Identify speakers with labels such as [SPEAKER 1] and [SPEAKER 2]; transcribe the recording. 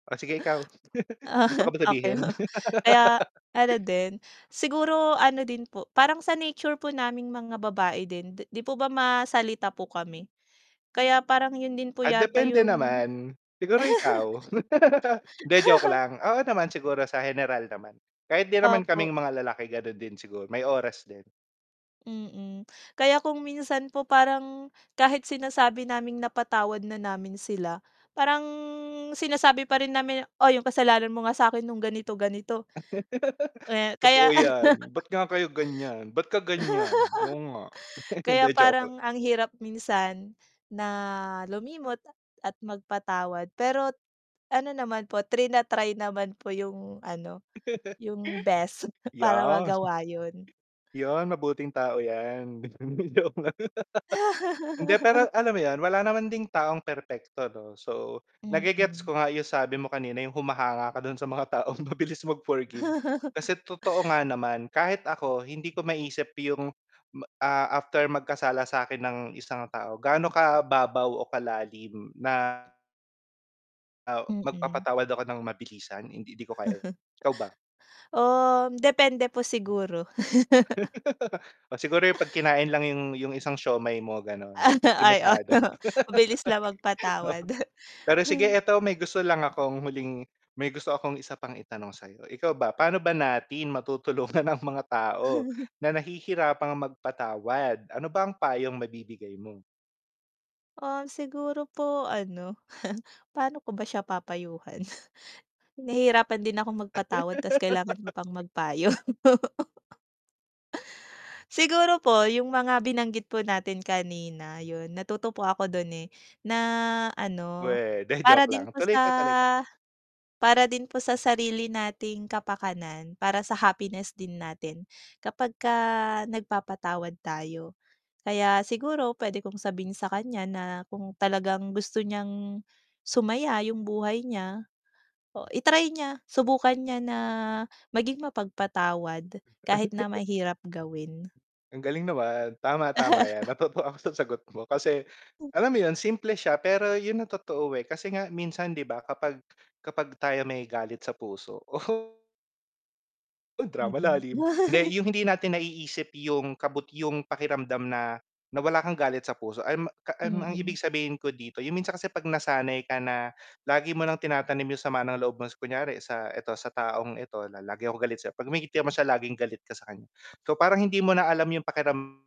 [SPEAKER 1] Oh, sige ikaw? May gusto ka
[SPEAKER 2] Ah.
[SPEAKER 1] ba
[SPEAKER 2] Okey
[SPEAKER 1] sabihin?
[SPEAKER 2] po, kaya ano din siguro ano din po parang sa nature po naming mga babae din 'di 'di po ba masalita po kami, kaya parang 'yun din po
[SPEAKER 1] Ah,
[SPEAKER 2] yata
[SPEAKER 1] depende
[SPEAKER 2] yung
[SPEAKER 1] naman. Siguro ikaw? Hindi joke lang, oo naman siguro sa heneral naman. Kahit din naman
[SPEAKER 2] Opo.
[SPEAKER 1] kaming mga lalaki gano'n din siguro, may oras din.
[SPEAKER 2] Mm, kaya kung minsan po parang, kahit sinasabi naming napatawad na namin sila parang sinasabi pa rin namin, "Oh, yung kasalanan mo nga sa'kin nung ganito ganito." Eh,
[SPEAKER 1] Totoo
[SPEAKER 2] kaya ano
[SPEAKER 1] yan. Ba't nga kayo ganyan? Ba't ka ganyan? Oo nga, hindi,
[SPEAKER 2] Kaya
[SPEAKER 1] joke lang.
[SPEAKER 2] parang ang hirap minsan na lumimot at at magpatawad. Pero ano naman po trina-try naman po yung ano, yung best para
[SPEAKER 1] Yes.
[SPEAKER 2] magawa 'yun.
[SPEAKER 1] 'Yon, mabuting tao yan. Hindi, joke lang Hindi pero, alam mo 'yun, wala naman ding taong perpekto 'no. So, nage-gets
[SPEAKER 2] Mm.
[SPEAKER 1] ko nga yung sabi mo kanina yung humahanga ka do'n sa mga taong mabilis mag-forgive. Kasi totoo nga naman, kahit ako hindi ko maisip yung, ma ah, after magkasala sa'kin ng isang tao gaano kababaw o kalalim na o
[SPEAKER 2] Mm.
[SPEAKER 1] magpapatawad ako ng mabilisan, hindi hindi ko kaya 'yun. Ikaw ba?
[SPEAKER 2] Um, depende po siguro.
[SPEAKER 1] O, siguro yung pag kinain lang yung, yung isang siomai mo gano'n
[SPEAKER 2] Ano,
[SPEAKER 1] hindi
[SPEAKER 2] ay oo.
[SPEAKER 1] masyado.
[SPEAKER 2] Mabilis lang
[SPEAKER 1] Oo.
[SPEAKER 2] magpatawad.
[SPEAKER 1] Pero sige eto may gusto lang akong huling may gusto akong isa pang itanong sa'yo, ikaw ba pa'no ba natin matutulungan ang mga tao na nahihirapang magpatawad, ano ba ang payong mabibigay mo?
[SPEAKER 2] Um, siguro po ano, paano ko ba siya papayuhan? Nahihirapan din akong magpatawad ta's kailangan mo pang magpayo. Siguro po yung mga binanggit po natin kanina, 'yun natuto po ako do'n, eh, na ano
[SPEAKER 1] Weh! 'Di, joke
[SPEAKER 2] para din
[SPEAKER 1] lang.
[SPEAKER 2] po
[SPEAKER 1] Tuloy ka, tuloy ka.
[SPEAKER 2] sa para din po sa sarili nating kapakanan, para sa happiness din natin. Kapag ka nagpapatawad tayo, kaya siguro puwede kong sabihin sa kanya na kung talagang gusto niyang sumaya yung buhay niya. O i-try niya subukan niya na maging mapagpatawad, kahit na mahirap gawin.
[SPEAKER 1] Ang galing naman. Tama, tama yan natuto ako sa sagot mo kasi, alam mo yun? Simple siya pero 'yun ang totoo, eh, kasi nga minsan 'di ba, kapag, kapag tayo may galit sa puso oh! oh, drama
[SPEAKER 2] Mm.
[SPEAKER 1] lalim. Hindi, yung hindi natin naiisip yung kabut yung pakiramdam na, na wala kang galit sa puso alam mo a um, ang ibig
[SPEAKER 2] Mm.
[SPEAKER 1] sabihin ko dito yung minsan kasi 'pag nasanay ka na lagi mo ng tinatanim yung sama ng loob mo sa kunyari sa eto sa taong ito na, lagi akong galit sayo, 'pag may ngitian mo siya laging galit ka sa kanya. So parang, hindi mo na alam yung pakiram